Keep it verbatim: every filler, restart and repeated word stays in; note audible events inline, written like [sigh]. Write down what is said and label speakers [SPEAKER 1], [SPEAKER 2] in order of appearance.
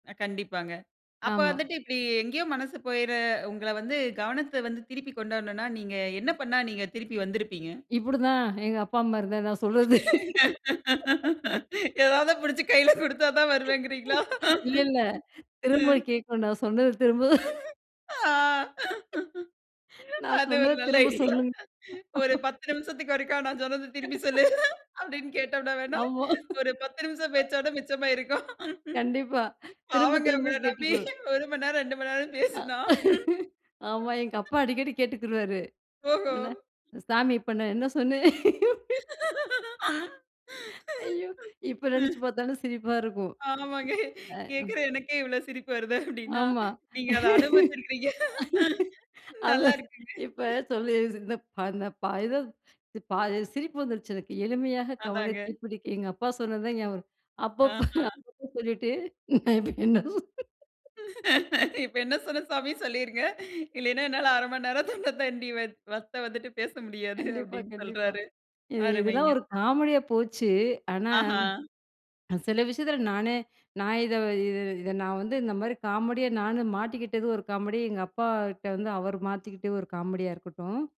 [SPEAKER 1] அ கண்டிப்பாங்க அப்ப
[SPEAKER 2] ஆமா.
[SPEAKER 1] வந்துட்டு இப்பிடி எங்கேயோ மனசு போயிற உங்கள வந்து கவனத்த வந்து திருப்பி கொண்டு வரணுன்னா, நீங்க என்ன பண்ணா நீங்க திருப்பி வந்திருப்பீங்க?
[SPEAKER 2] இப்புடு தான் எங்க அப்பா, அம்மா இருந்தா நான் சொல்லுறது [laughs]
[SPEAKER 1] [laughs] எதாவது பிடிச்சு கையில குடுத்தா தான் வருவேங்கிறீங்களா?
[SPEAKER 2] [laughs] இல்ல, இல்ல
[SPEAKER 1] [laughs]
[SPEAKER 2] திரும்ப
[SPEAKER 1] ம்.
[SPEAKER 2] கேட்கணும் நான் சொன்னது திரும்ப
[SPEAKER 1] அ [laughs] ஆ [laughs]
[SPEAKER 2] [laughs] நான்
[SPEAKER 1] அது ஒரு
[SPEAKER 2] சொன்னத
[SPEAKER 1] நல்ல
[SPEAKER 2] திரும்ப
[SPEAKER 1] ஐடியா
[SPEAKER 2] சொல்லுங்க
[SPEAKER 1] ஒரு
[SPEAKER 2] [laughs]
[SPEAKER 1] பத்து நிமிஷத்துக்கு ஒருக்கா நான் சொன்னத திரும்பி சொல்லு! அப்பிடின்னு கேட்டம்ன்னா
[SPEAKER 2] [laughs]
[SPEAKER 1] வேணா,
[SPEAKER 2] [unintelligible] ஆமா
[SPEAKER 1] ஒரு பத்து நிமிஷம்
[SPEAKER 2] [laughs]
[SPEAKER 1] பேச்சோட மிச்சமாயிருக்கும்
[SPEAKER 2] கண்டிப்பா திரும்ப,
[SPEAKER 1] பாவங்க
[SPEAKER 2] திரும்ப
[SPEAKER 1] உங்கள நம்பி
[SPEAKER 2] கேட்டுக்கொ
[SPEAKER 1] ஒரு மணி நேரம் ரெண்டு மணி நேரம்
[SPEAKER 2] அ
[SPEAKER 1] பேசுனா
[SPEAKER 2] [laughs] ஆமா, எங்க
[SPEAKER 1] [laughs]
[SPEAKER 2] அப்பா அடிக்கடி கேட்டுக்கிருவாரு,
[SPEAKER 1] ஓஹோ!
[SPEAKER 2] என்ன சாமி இப்ப நான் என்ன சொன்னேன்? [laughs]
[SPEAKER 1] [laughs]
[SPEAKER 2] ஐயோ! இப்ப நினைச்சு
[SPEAKER 1] ம்.
[SPEAKER 2] பார்த்தாலும் சிரிப்பா இருக்கும்
[SPEAKER 1] ஆமாங்க
[SPEAKER 2] அ
[SPEAKER 1] கேட்குற எனக்கே இவ்ள சிரிப்பு வருது அப்பிடின்னா,
[SPEAKER 2] ஆமா
[SPEAKER 1] நீங்க அத அனுபவச்சுருக்கீங்க
[SPEAKER 2] [laughs]
[SPEAKER 1] [laughs] நல்லா
[SPEAKER 2] அதான்
[SPEAKER 1] இருக்குங்க
[SPEAKER 2] இப்ப சொல்லி [unintelligible] ப ஏதோ பா [unintelligible] சிரிப்பு வந்துருச்சு எனக்கு எளிமையாக
[SPEAKER 1] அதாங்க.
[SPEAKER 2] கவனத்தைப் பிடிக்க எங்க அப்பா சொன்னது தான் ஞாபகம் இருக்கு. அப்பப்ப
[SPEAKER 1] ஆஹா!
[SPEAKER 2] அப்பப்போ [unintelligible] சொல்லிட்டு நான் இப்ப என்ன [laughs] [unintelligible]
[SPEAKER 1] [laughs] இப்ப என்ன சொன்னேன் சாமி சொல்லிருங்க. இல்லயின்னா என்னால அரை மணி நேரம் [unintelligible] தொண்ட தண்ணீ வத் வத்த வந்துட்டு பேச முடியாது
[SPEAKER 2] கண்டிப்பா,
[SPEAKER 1] அப்பிடின்னு
[SPEAKER 2] கண்டிப்பா.
[SPEAKER 1] சொல்றாரு.
[SPEAKER 2] இ இதெல்லாம்
[SPEAKER 1] அருமைங்க
[SPEAKER 2] ஒரு காமெடியா போச்சு. ஆனா
[SPEAKER 1] ஆஹா!
[SPEAKER 2] அ சில விஷயத்துல நானே நான் இத இது இத நான் வந்து இந்தமாரி காமெடி நான் மாட்டிக்கிட்டது ஒரு காமெடி. எங்க அப்பா கிட்ட வந்து அவரு மாத்திக்கிட்டு ஒரு காமெடியா இருக்கட்டும்.